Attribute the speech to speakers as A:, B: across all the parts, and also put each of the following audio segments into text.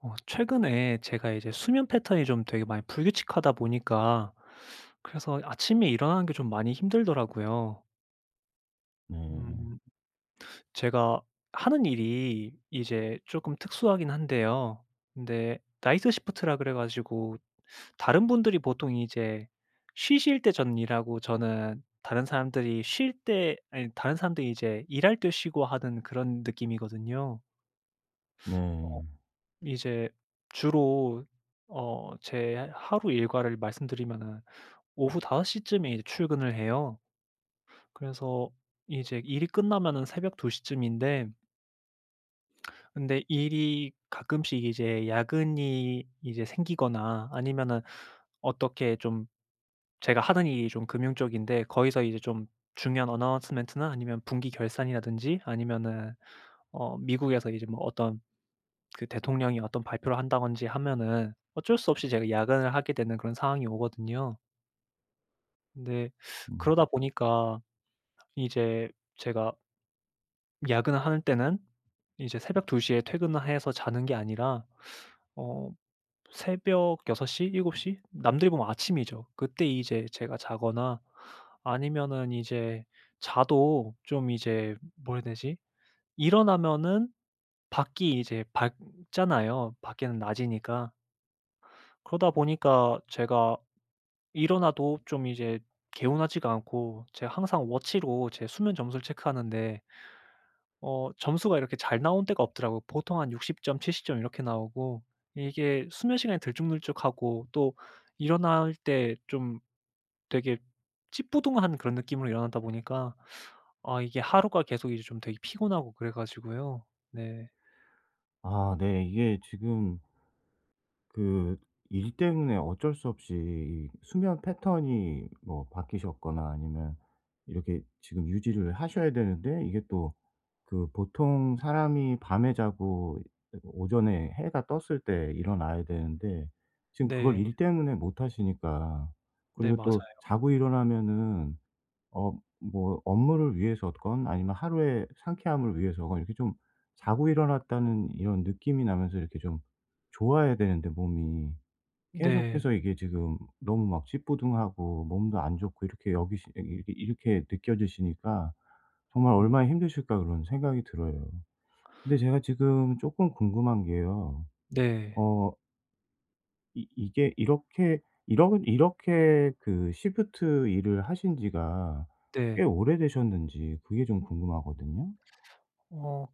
A: 어 최근에 제가 이제 수면 패턴이 좀 되게 많이 불규칙하다 보니까 그래서 아침에 일어나는 게 좀 많이 힘들더라고요.
B: 으음.
A: 음 제가 하는 일이 이제 쪼금 특수하긴 한데요. 근데 night shift라 그래 가지고 다른 분들이 보통 이제 쉬실 때 전 일하고 저는 다른 사람들이 쉴 때 아니 다른 사람들이 이제 일할 때 쉬고 하는 그런 느낌이거든요. 어
B: 네.
A: 이제 주로 어 제 하루 일과를 말씀드리면은 오후 5 시쯤에 이제 출근을 해요. 그래서 이제 일이 끝나면 새벽 2 시쯤인데 근데 일이 가끔씩 이제 야근이 이제 생기거나 아니면은 어떻게 좀 제가 하는 일이 좀 금융 쪽인데 거기서 이제 좀 중요한 announcement나 아니면 분기 결산이라든지 아니면은 어 미국에서 이제 뭐 어떤 그 대통령이 어떤 발표를 한다든지 하면은 어쩔 수 없이 제가 야근을 하게 되는 그런 상황이 오거든요. 네.
B: 음.
A: 그러다 보니까 이제 제가 야근을 하는 때는 이제 새벽 2 시에 퇴근을 해서 자는 게 아니라 어 새벽 6 시, 7 시? 남들이 보면 아침이죠. 그때 이제 제가 자거나 아니면은 이제 자도 좀 이제 뭐라 그래야 되지? 일어나면은 밖이 이제 밝잖아요, 밖에는 낮이니까. 그러다 보니까 제가 일어나도 좀 이제 개운하지가 않고 제가 항상 워치로 제 수면 점수를 체크하는데 어 점수가 이렇게 잘 나온 때가 없더라고요. 보통 한 60 점 70 점 이렇게 나오고. 이게 수면시간이 들쭉날쭉하고 또 일어날 때 좀 되게 찌뿌둥한 그런 느낌으로 일어나다 보니까 아 이게 하루가 계속 이제 좀 되게 피곤하고 그래 가지고요. 네.
B: 아 네. 이게 지금 그 일 때문에 어쩔 수 없이 이 수면 패턴이 뭐 바뀌셨거나 아니면 이렇게 지금 유지를 하셔야 되는데 이게 또 그 보통 사람이 밤에 자고 오전에 해가 떴을 때 일어나야 되는데 지금 그걸
A: 네.
B: 일 때문에 못 하시니까.
A: 네,
B: 그리고
A: 맞아요.
B: 또 자고 일어나면은 어 뭐 업무를 위해서 건 아니면 하루의 상쾌함을 위해서 건 이렇게 좀 자고 일어났다는 이런 느낌이 나면서 이렇게 좀 좋아야 되는데 몸이
A: 네.
B: 계속해서 이게 지금 너무 막 찌뿌둥하고 몸도 안 좋고 이렇게 여기시 이렇게 이렇게 느껴지시니까 정말
A: 음.
B: '얼마나 힘드실까?' 그런 생각이 들어요. 근데 제가 지금 쪼끔 궁금한 게요.
A: 네.
B: 어 이 이게 이렇게 이러 이렇게 그 시프트 일을 하신 지가 꽤
A: 네.
B: 오래되셨는지 그게 좀 궁금하거든요?
A: 어.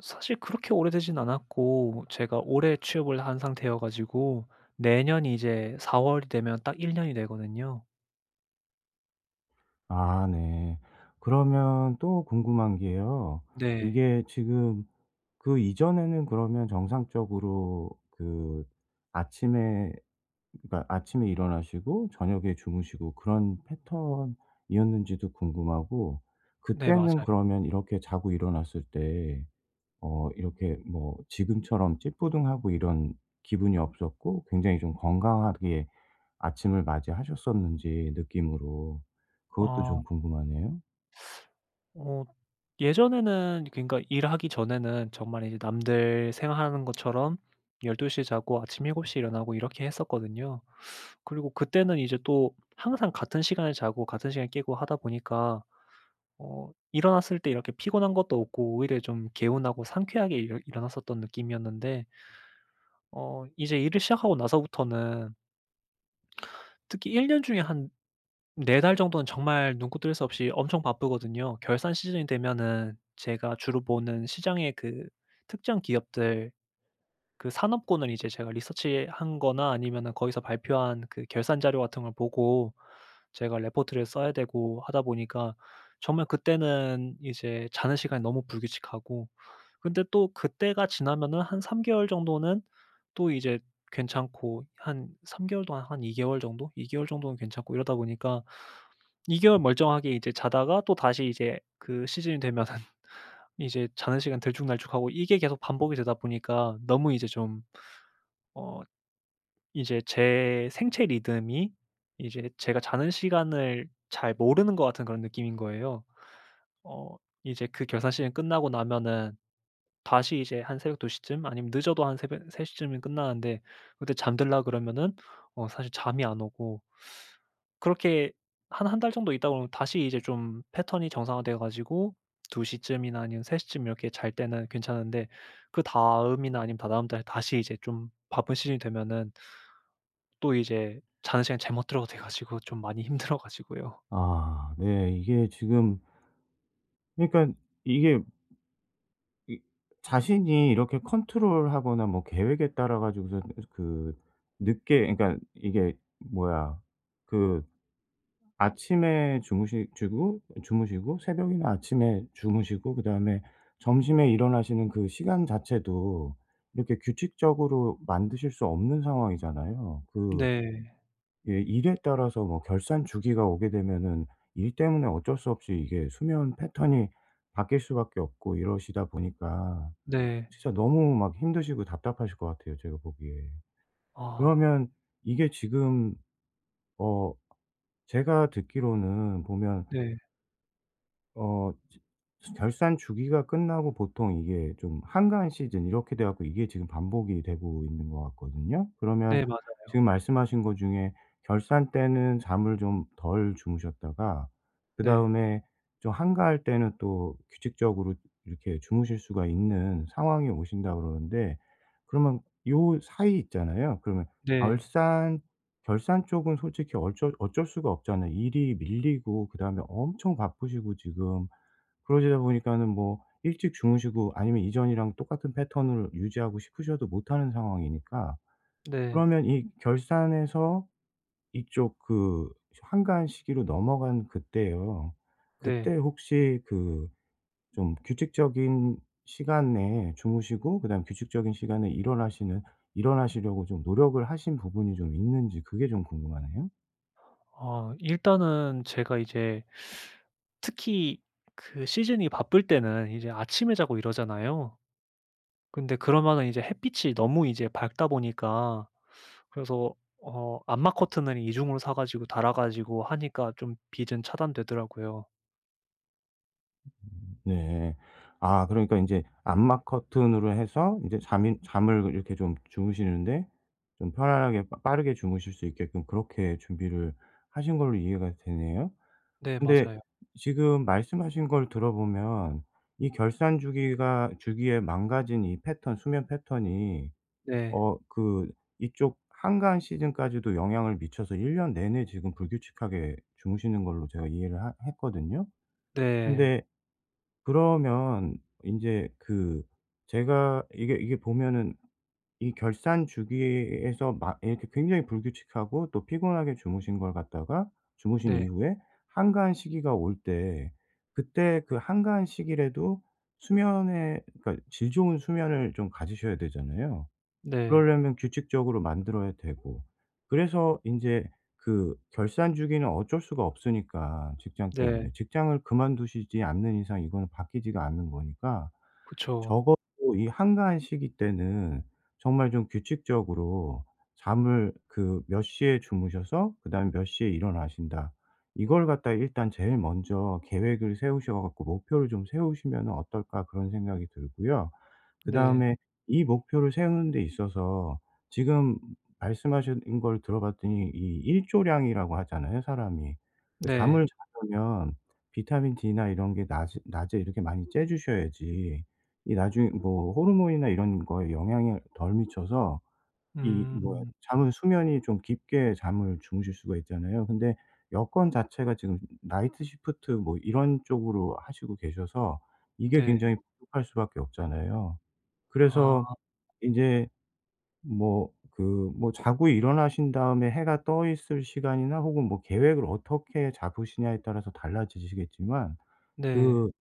A: 사실 그렇게 오래되진 않았고 제가 올해 취업을 한 상태여 가지고 내년이 이제 4 월이 되면 딱 1 년이 되거든요.
B: 아 네. 그러면 또 궁금한 게요.
A: 네.
B: 이게 지금 그 이전에는 그러면 정상적으로 그 아침에 그러니까 아침에 일어나시고 저녁에 주무시고 그런 패턴이었는지도 궁금하고
A: 네
B: 그때는
A: 맞아요.
B: 그러면 이렇게 자고 일어났을 때 어 이렇게 뭐 지금처럼 찌뿌둥하고 이런 기분이 없었고 굉장히 좀 건강하게 아침을 맞이하셨었는지 느낌으로. 그것도 좀
A: 어.
B: 궁금하네요.
A: 어 예전에는 그러니까 일하기 전에는 정말 이제 남들 생활하는 것처럼 12 시에 자고 아침 7 시에 일어나고 이렇게 했었거든요. 그리고 그때는 이제 또 항상 같은 시간에 자고 같은 시간에 깨고 하다 보니까 어 일어났을 때 이렇게 피곤한 것도 없고 오히려 좀 개운하고 상쾌하게 일어 일어났었던 느낌이었는데 어 이제 일을 시작하고 나서부터는 특히 1 년 중에 한 4 달 정도는 정말 눈코 뜰 새 없이 엄청 바쁘거든요. 결산 시즌이 되면은 제가 주로 보는 시장의 그 특정 기업들 그 산업군을 이제 제가 리서치한 거나 아니면은 거기서 발표한 그 결산 자료 같은 걸 보고 제가 레포트를 써야 되고 하다 보니까 정말 그때는 이제 자는 시간이 너무 불규칙하고 근데 또 그때가 지나면은 한 3 개월 정도는 또 이제 괜찮고 한 3 개월 동안 한 2 개월 정도 2 개월 정도는 괜찮고 이러다 보니까 2 개월 멀쩡하게 이제 자다가 또다시 이제 그 시즌이 되면은 이제 자는 시간 들쭉날쭉하고 이게 계속 반복이 되다 보니까 너무 이제 좀 어 이제 제 생체 리듬이 이제 제가 자는 시간을 잘 모르는 것 같은 그런 느낌인 거예요. 어 이제 그 결산 시즌 끝나고 나면은 다시 이제 한 새벽 2 시쯤 아니면 늦어도 한 3 시쯤이면 끝나는데 그때 잠들려 그러면은 어 사실 잠이 안 오고 그렇게 한 1 달 정도 있다 보면 다시 이제 좀 패턴이 정상화되어 가지고 2 시쯤이나 아니면 3 시쯤 이렇게 잘 때는 괜찮은데 그다음이나 아니면 다다음 달에 다시 이제 좀 바쁜 시즌이 되면은 또 이제 자는 시간 잠 못 들어도 돼 가지고 좀 많이 힘들어 가지고요.
B: 아 네. 이게 지금 그니깐 이게 이 자신이 이렇게 컨트롤하거나 뭐 계획에 따라 가지고서 그 늦게 그러니까 이게 뭐야 그 아침에 주무시지고 주무시고 새벽이나 아침에 주무시고 그다음에 점심에 일어나시는 그 시간 자체도 이렇게 규칙적으로 만드실 수 없는 상황이잖아요. 그
A: 네.
B: 예 일에 따라서 뭐 결산 주기가 오게 되면은 일 때문에 어쩔 수 없이 이게 수면 패턴이 바뀔 수밖에 없고 이러시다 보니까
A: 네.
B: 진짜 너무 막 힘드시고 답답하실 것 같아요 제가 보기에.
A: 아.
B: 그러면 이게 지금 어 제가 듣기로는 보면
A: 네.
B: 어 저 결산 주기가 끝나고 보통 이게 좀 한가한 시즌 이렇게 돼 갖고 이게 지금 반복이 되고 있는 것 같거든요? 그러면
A: 네, 맞아요.
B: 지금 말씀하신 거 중에 결산 때는 잠을 좀 덜 주무셨다가
A: 네.
B: 그다음에 좀 한가할 때는 또 규칙적으로 이렇게 주무실 수가 있는 상황이 오신다 그러는데, 그러면 요 사이 있잖아요. 그러면
A: 네.
B: 결산 결산 쪽은 솔직히 어쩔 어쩔 수가 없잖아요. 일이 밀리고 그다음에 엄청 바쁘시고 지금 그러시다 보니까는 뭐 일찍 주무시고 아니면 이전이랑 똑같은 패턴을 유지하고 싶으셔도 못 하는 상황이니까.
A: 네.
B: 그러면 이 결산에서 이쪽 그 한가한 시기로 넘어간 그때요. 그때
A: 네.
B: 혹시 그 좀 규칙적인 시간 내에 주무시고 그다음에 규칙적인 시간에 일어나시는 일어나시려고 좀 노력을 하신 부분이 좀 있는지 그게 좀 궁금하네요.
A: 아, 일단은 제가 이제 특히 그 시즌이 바쁠 때는 이제 아침에 자고 이러잖아요. 근데 그러면은 이제 햇빛이 너무 이제 밝다 보니까 그래서 어 암막 커튼을 2 중으로 사 가지고 달아 가지고 하니까 좀 빛은 차단되더라고요.
B: 네. 아 그러니까 인제 암막 커튼으로 해서 이제 잠이 잠을 이렇게 좀 주무시는데 좀 편안하게 빠 빠르게 주무실 수 있게끔 그렇게 준비를 하신 걸로 이해가 되네요.
A: 네
B: 근데
A: 맞아요.
B: 지금 말씀하신 걸 들어보면 이 결산 주기가 주기에 망가진 이 패턴 수면 패턴이
A: 네.
B: 어 그 이쪽 한가한 시즌까지도 영향을 미쳐서 1 년 내내 지금 불규칙하게 주무시는 걸로 제가 이해를 하 했거든요.
A: 네.
B: 근데 그러면 인제 그 제가 이게 이게 보면은 이 결산 주기에서 막 이렇게 굉장히 불규칙하고 또 피곤하게 주무신 걸 갖다가 주무신
A: 네.
B: 이후에 한가한 시기가 올 때 그때 그 한가한 시기라도 수면에 그러니까 질 좋은 수면을 좀 가지셔야 되잖아요.
A: 네.
B: 그러려면 규칙적으로 만들어야 되고. 그래서 인제 그 결산 주기는 어쩔 수가 없으니까, 직장
A: 네.
B: 때문에. 직장을 그만두시지 않는 이상 이거는 바뀌지가 않는 거니까
A: 그쵸.
B: 적어도 이 한가한 시기 때는 정말 좀 규칙적으로 잠을 그 몇 시에 주무셔서 그다음에 몇 시에 일어나신다. 이걸 갖다가 일단 제일 먼저 '계획을 세우셔 갖고 목표를 좀 세우시면은 어떨까?' 그런 생각이 들고요.
A: 네.
B: 그다음에 이 목표를 세우는 데 있어서 지금 말씀하신 걸 들어 봤더니 이 일조량이라고 하잖아요, 사람이. 그 잠을
A: 네.
B: 자려면 비타민 D나 이런 게 낮에 낮에 이렇게 많이 쬐 주셔야지 이 나중에 뭐 호르몬이나 이런 거에 영향을 덜 미쳐서 이 뭐야
A: 음.
B: 잠은 수면이 좀 깊게 잠을 주무실 수가 있잖아요. 근데 여건 자체가 지금 나이트 시프트 뭐 이런 쪽으로 하시고 계셔서 이게
A: 네.
B: 굉장히 부족할 수밖에 없잖아요. 그래서
A: 아.
B: 인제 뭐 그 뭐 자고 일어나신 다음에 해가 떠 있을 시간이나 혹은 뭐 계획을 어떻게 잡으시냐에 따라서 달라지시겠지만
A: 네.
B: 그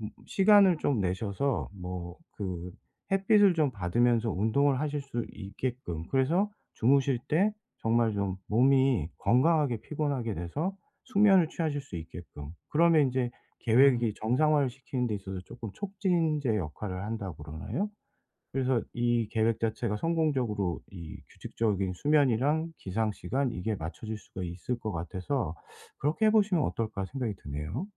B: 음 시간을 좀 내셔서 뭐 그 햇빛을 좀 받으면서 운동을 하실 수 있게끔 그래서 주무실 때 정말 좀 몸이 건강하게 피곤하게 돼서 숙면을 취하실 수 있게끔 그러면 인제
A: 음.
B: 계획이 정상화를 시키는 데 있어서 쪼끔 '촉진제 역할을 한다.' 그러나요? 그래서 이 계획 자체가 성공적으로 이 규칙적인 수면이랑 기상 시간 이게 맞춰질 수가 있을 것 같아서 '그렇게 해 보시면 어떨까?' 생각이 드네요.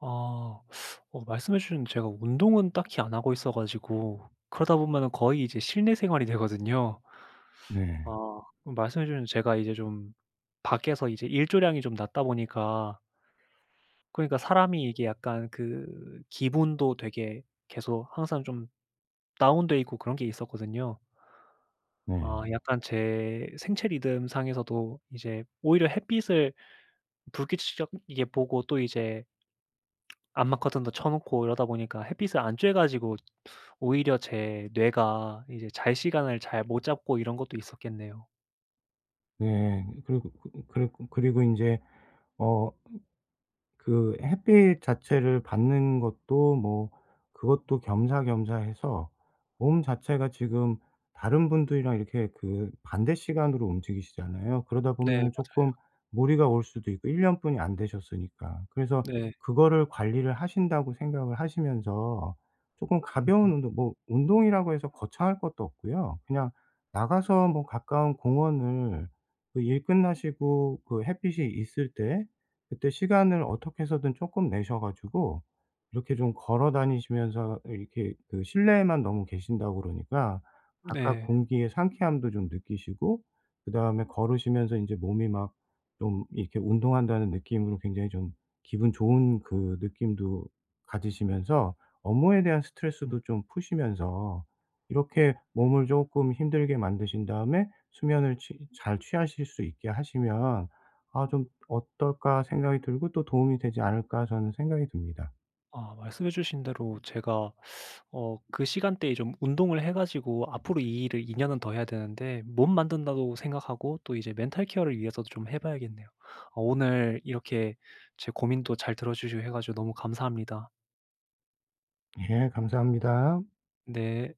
A: 아. 어 말씀해 주셨는데 제가 운동은 딱히 안 하고 있어 가지고 그러다 보면은 거의 이제 실내 생활이 되거든요.
B: 네.
A: 아. 그 말씀해 주셨는데 제가 이제 좀 밖에서 이제 일조량이 좀 낮다 보니까 그러니까 사람이 이게 약간 그 기분도 되게 계속 항상 좀 다운돼 있고 그런 게 있었거든요. 아.
B: 네.
A: 약간 제 생체 리듬상에서도 이제 오히려 햇빛을 불규칙적이게 보고 또 이제 암막 커튼도 쳐 놓고 이러다 보니까 햇빛을 안 쫴 가지고 오히려 제 뇌가 이제 잘 시간을 잘 못 잡고 이런 것도 있었겠네요.
B: 네 그리고 그 그리고 그리고 인제 어 그 햇빛 자체를 받는 것도 뭐 그것도 겸사겸사해서 몸 자체가 지금 다른 분들이랑 이렇게 그 반대 시간으로 움직이시잖아요. 그러다
A: 네
B: 보면은 쪼끔
A: 맞아요.
B: 무리가 올 수도 있고 1 년뿐이 안 되셨으니까. 그래서
A: 네.
B: 그거를 관리를 하신다고 생각을 하시면서 쪼끔
A: 음.
B: 가벼운 운동 뭐 운동이라고 해서 거창할 것도 없고요. 그냥 나가서 뭐 가까운 공원을 그 일 끝나시고 그 햇빛이 있을 때 그때 시간을 어떻게 해서든 쪼끔 내셔 가지고 이렇게 좀 걸어 다니시면서 이렇게 그 실내에만 너무 계신다고 그러니까
A: 네.
B: 바깥공기의 상쾌함도 좀 느끼시고 그다음에 걸으시면서 인제 몸이 막 좀 이렇게 운동한다는 느낌으로 굉장히 좀 기분 좋은 그 느낌도 가지시면서 업무에 대한
A: 음.
B: 스트레스도 좀 푸시면서 이렇게 몸을 쪼끔 힘들게 만드신 다음에 수면을 취 잘 취하실 수 있게 하시면 '아 좀 어떨까?' 생각이 들고 또 '도움이 되지 않을까?' 저는 생각이 듭니다.
A: 아 말씀해 주신 대로 제가 어 그 시간대에 좀 운동을 해 가지고 앞으로 이 일을 2 년은 더 해야 되는데 몸 만든다고 생각하고 또 이제 멘탈 케어를 위해서도 좀 해 봐야겠네요. 어 오늘 이렇게 제 고민도 잘 들어주시고 해 가지고 너무 감사합니다.
B: 예 감사합니다.
A: 네.